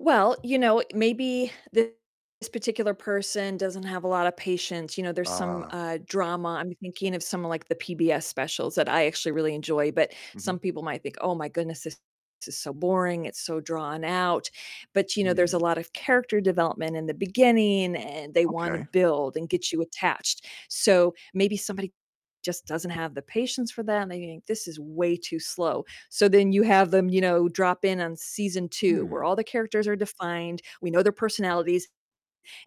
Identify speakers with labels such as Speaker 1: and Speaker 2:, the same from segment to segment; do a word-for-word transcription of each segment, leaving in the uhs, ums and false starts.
Speaker 1: Well, you know, maybe this particular person doesn't have a lot of patience, you know, there's some,
Speaker 2: Ah.
Speaker 1: uh, drama, I'm thinking of some of like the PBS specials that I actually really enjoy, but
Speaker 2: Mhm.
Speaker 1: some people might think, "Oh my goodness, this is so boring, it's so drawn out." But, you know, there's a
Speaker 2: Hmm.
Speaker 1: lot of character development in the beginning, and they want to
Speaker 2: Okay.
Speaker 1: build and get you attached. So maybe somebody just doesn't have the patience for that and they think this is way too slow. So then you have them, you know, drop in on season two where
Speaker 2: Hmm.
Speaker 1: all the characters are defined, we know their personalities,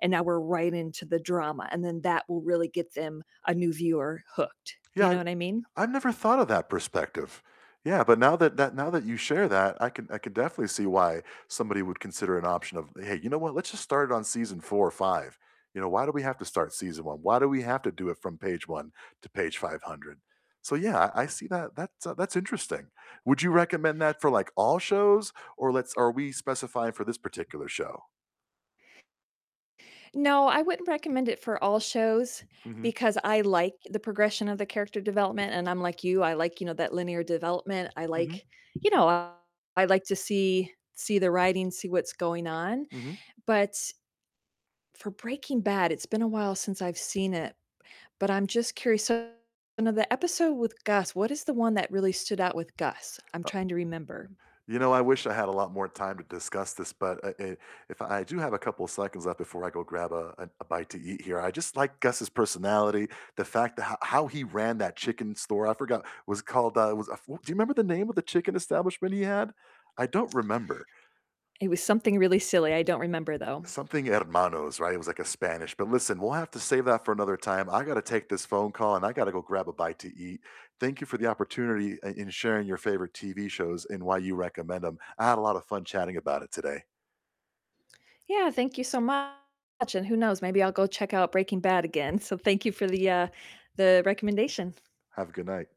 Speaker 1: and now we're right into the drama, and then that will really get them, a new viewer, hooked. You
Speaker 2: Yeah,
Speaker 1: know what I mean?
Speaker 2: I've never thought of that perspective. Yeah, but now that that now that you share that, I can I can definitely see why somebody would consider an option of, "Hey, you know what? Let's just start it on season four or five." You know, "Why do we have to start season one? Why do we have to do it from page one to page five hundred?" So, yeah, I see that. That's, uh, that's interesting. Would you recommend that for, like, all shows or let's are we specifying for this particular show?
Speaker 1: No, I wouldn't recommend it for all shows
Speaker 2: Mhm.
Speaker 1: because I like the progression of the character development, and I'm like you, I like, you know, that linear development, I
Speaker 2: Mhm.
Speaker 1: like, you know, I like to see see the writing, see what's going on.
Speaker 2: Mhm.
Speaker 1: But for Breaking Bad, it's been a while since I've seen it, but I'm just curious. So, one of the episode with Gus, what is the one that really stood out with Gus? I'm
Speaker 2: Uh
Speaker 1: trying to remember.
Speaker 2: you know, I wish I had a lot more time to discuss this, but, uh, eh, if I do have a couple seconds left before I go grab a a a bite to eat here. I just like Gus's personality, the fact that ho how he ran that chicken store. I forgot, was it called, uh, it was a f do you remember the name of the chicken establishment he had? I don't remember.
Speaker 1: It was something really silly, I don't remember, though.
Speaker 2: Something hermanos, right? It was, like, a Spanish but listen, we'll have to save that for another time. I gotta take this phone call, and I gotta go grab a bite to eat. Thank you for the opportunity i in sharing your favorite TV shows and why you recommend 'em. I had a lot of fun chatting about it today.
Speaker 1: Yeah, thank you so much, and who knows? Maybe I'll go check out Breaking Bad again. So thank you for the, uh the recommendation.
Speaker 2: Have a good night.